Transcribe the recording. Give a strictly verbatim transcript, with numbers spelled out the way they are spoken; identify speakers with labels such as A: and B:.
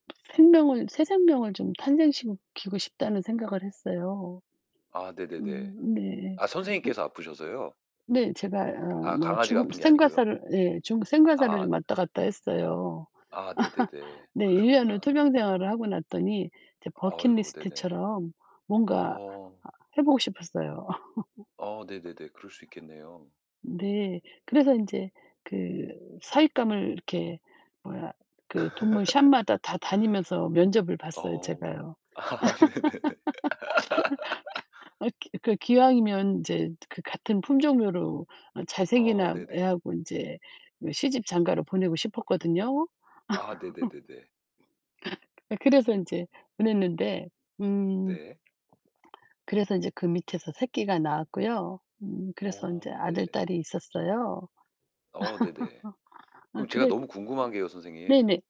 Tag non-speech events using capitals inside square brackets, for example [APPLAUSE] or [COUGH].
A: 생명을 새 생명을 좀 탄생시키고 싶다는 생각을 했어요.
B: 아 네네네.
A: 음 네.
B: 아
A: 음.
B: 선생님께서 아프셔서요?
A: 네, 제가 어
B: 아,
A: 뭐
B: 강아지가
A: 죽음
B: 아픈 게 아니고요.
A: 생과사를 예 죽음 생과사를
B: 아.
A: 좀 왔다 갔다 했어요.
B: 아
A: [LAUGHS]
B: 네네네.
A: 네, 일 년을
B: 그러셨구나.
A: 투병 생활을 하고 났더니 이제
B: 아이고, 네네.
A: 버킷리스트처럼 뭔가
B: 어.
A: 해보고 싶었어요.
B: 어
A: [LAUGHS]
B: 네네네 그럴 수 있겠네요.
A: 네, 그래서 인제 그 사윗감을 이렇게 뭐야 그 동물 샵마다 다 다니면서 면접을
B: [LAUGHS]
A: 봤어요
B: 어.
A: 제가요.
B: 아 네네네. [LAUGHS]
A: [LAUGHS] 어 그 기왕이면 이제 그 같은 품종으로 어 잘생긴 애
B: 어 네네.
A: 애하고 이제 시집, 장가를 보내고 싶었거든요.
B: 아
A: [LAUGHS]
B: 네네네네.
A: 예 그래서 인제 보냈는데 음
B: 네.
A: 그래서 인제 그 밑에서 새끼가 낳았고요. 음 그래서 인제
B: 어
A: 아들
B: 네네.
A: 딸이 있었어요.
B: 어 네네.
A: [LAUGHS] 아
B: 그럼 제가
A: 그래
B: 너무 궁금한게요, 선생님.
A: 네네.